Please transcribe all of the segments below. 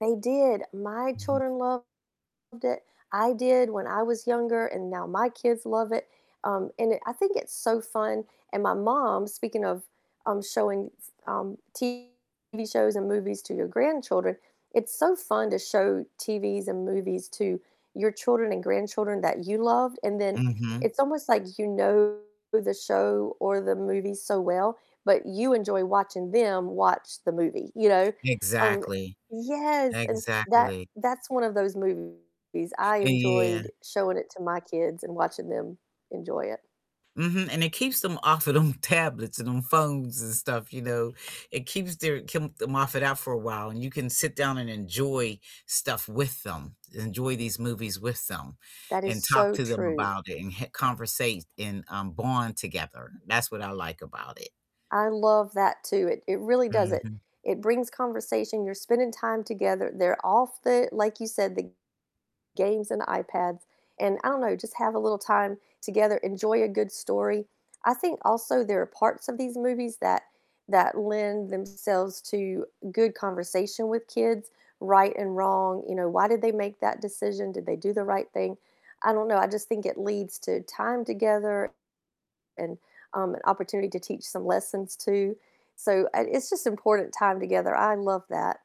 They did, my Mhm. children loved it. I did when I was younger, and now my kids love it. Um, and it I think it's so fun. And my mom, speaking of, um, showing, s um, TV shows and movies to your grandchildren, it's so fun to show TVs and movies to your children and grandchildren that you loved, and then Mhm. it's almost like you know the show or the movie so well, but you enjoy watching them watch the movie, you know? Um, Exactly, yes, and that exactly. that's one of those movies I Yeah. enjoyed showing it to my kids and watching them enjoy it. Mhm, and it keeps them off of them tablets and them phones and stuff, you know? It keeps their keep them off it out for a while, and you can sit down and enjoy stuff with them, enjoy these movies with them, That is and talk so to them true. about it, and h conversate and, um, bond together. That's what I like about it. I love that too. It it really does it. Mhm. It brings conversation, you're spending time together, they're off the like you said, the games and iPads, and I don't know, just have a little time together, enjoy a good story. I think also there are parts of these movies that that lend themselves to good conversation with kids, right and wrong, you know, why did they make that decision? Did they do the right thing? I don't know, I just think it leads to time together and, um, an opportunity to teach some lessons too. So, it it's just important time together, I love that.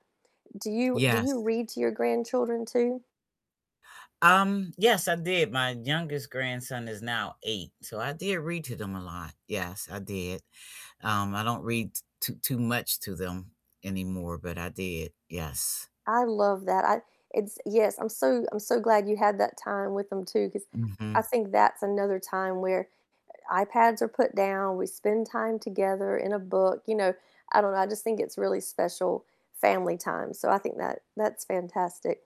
Do you do Yes. you read to your grandchildren too? Um, yes, I did. My youngest grandson is now 8, so I did read to them a lot. Yes, I did. Um, I don't read t too too much to them anymore, but I did, yes. I love that, I it's Yes, I'm so I'm so glad you had that time with them too, 'cause I Mhm. think that's another time where i iPads are put down, we spend time together in a book. You know, I don't know, I just think it's really special family time, so I think that that's fantastic